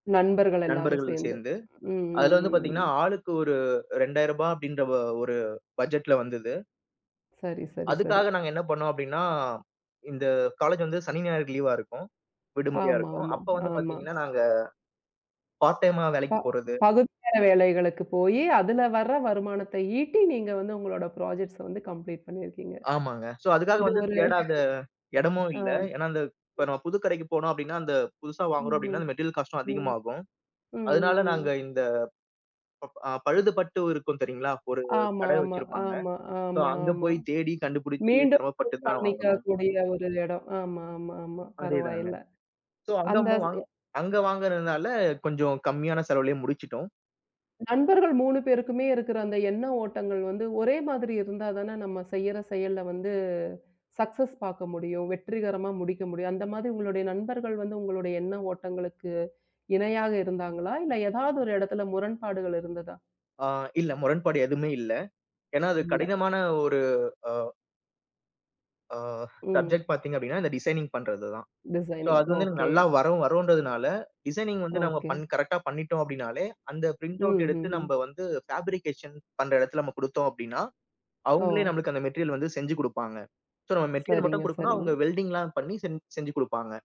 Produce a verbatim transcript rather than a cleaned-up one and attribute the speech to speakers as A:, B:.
A: நண்பர்கள் எல்லாரும்
B: நண்பர்கள்
A: சேர்ந்து.
B: சேர்ந்து,
A: ம்.
B: அதுல
A: ம்.
B: வந்து
A: ம்.
B: பாத்தீங்கன்னா,
A: ம்.
B: ஆளுக்கு ஒரு ரெண்டாயிரரூபா அப்டிங்ற, ஓ ஒரு பட்ஜெட்ல வந்தது.
A: சரி சரி சரி.
B: அதுக்காக, நாங்க என்ன பண்ணுவோம் அப்டின்னா, இந்த காலேஜ் வந்து சனி, ஞாயிறு லீவ்வா இருக்கும் விடுமுறையா
A: ஆமா,
B: இருக்கும்.
A: ஆமா,
B: அப்ப வந்து
A: ஆமா.
B: பாத்தீங்கன்னா நாங்க, பார்ட் டைமா
A: ப
B: வேலைக்குப் போறது.
A: பகுதி நேர வேலைகளுக்குப் போயி, அதுல வர்ற வருமானத்தை ஈட்டி, நீங்க வந்து உங்களோட ப்ராஜெக்ட்ஸ் வந்து கம்ப்ளீட் பண்ணியிருக்கீங்க.
B: ஆமாங்க. சோ, அதுக்காக
A: இது
B: வந்து
A: ஒரு.
B: தேடாத எடமும் இல்ல.
A: அம்.
B: ஏன்னா, அந்த இப்ப நம்ம புது கடைக்குப் போனோம் அப்டின்னா, அந்தப் புதுசா வாங்குறோம்
A: ம்.
B: அப்டின்னா,
A: ம்.
B: மெட்டீரியல் காஸ்ட்டும்
A: ம்.
B: அதிகமாகும்.
A: ம். ம்.
B: அதனால, நாங்க
A: ம்.
B: இந்த ப் பழுது பட்டு இருக்கும் தெரியுங்களா? ஒரு
A: ஆமா,
B: கடை
A: ஆமா,
B: வச்சிருப்பாங்க.
A: ஆமா,
B: சோ,
A: ஆமா,
B: அங்க
A: ஆமா.
B: போய் தேடி கண்டுபிடிச்சு
A: மீண்டும்
B: சிரம்ம பட்டுதான் வாங்கணும்.
A: பண்ணிக்கக்கூடிய ஒரு எடோ. ஆமா, ஆமா, ஆமா.
B: அதேதாங்க.
A: பரவாயில்ல.
B: சோ,
A: அந்த
B: அங்கம்மா
A: ஸ்
B: வாங்
A: எ
B: அங்க வாங்குறதுனால, கொஞ்சம் கம்மியான செலவுலயே முடிச்சிட்டோம்.
A: நண்பர்கள் மூணு பேருக்குமே இருக்கற, அந்த எண்ண ஓட்டங்கள் வந்து, ஒரே மாதிரி இருந்தா தானா, நம்ம செய்யிற செயல்ல வந்து சக்சஸ் பாக்க முடியும். வெற்றிகரமா, முடிக்க முடியும். அந்த மாதிரி, உங்களோட நண்பர்கள் வந்து உங்களோட எண்ண ஓட்டங்களுக்கு இணையாக இருந்தாங்களா? இல்ல, எதாவது ஒரு இடத்துல முரண்பாடுகள் இருந்ததா?
B: ஆ. இல்ல முரண்பாடு எதுவுமே இல்ல. ஏன்னா, அது
A: இல்ல.
B: கடினமான ஒரு அ அ.
A: ம்.
B: சப்ஜெக்ட் பாத்தீங்க அப்படின்னா, இந்த டிசைனிங்க் பண்றதுதான். So,
A: designing.
B: அது வந்து,
A: ஓகே.
B: நல்லா வரும் வருன்றதுனால டிசைனிங்க் வந்து நம்ம
A: ஓகே.
B: பண் கரெக்ட்டா பண்ணிட்டோம். அப்டின்னாலே, அந்த
A: ம்.
B: பிரிண்டவுட் எடுத்து
A: ம்ஹ்ம்.
B: நம்ம வந்து ஃப்பேப்ரிகேஷன் பண்ற இடத்துல நம்ம குடுத்தோம். அப்டின்னா,
A: ஓ!
B: அவங்களே நமக்கு அந்த மெட்டீரியல் வந்து செஞ்சு குடுப்பாங்க. சோ, நம்ம மெட்டீரியல்
A: சரிங்க,
B: மட்டும் குடுக்கணும்.
A: சரிங்க.
B: அவங்க வெல்டிங்லாம் பண்ணி செஞ் செஞ்சு குடுப்பாங்க.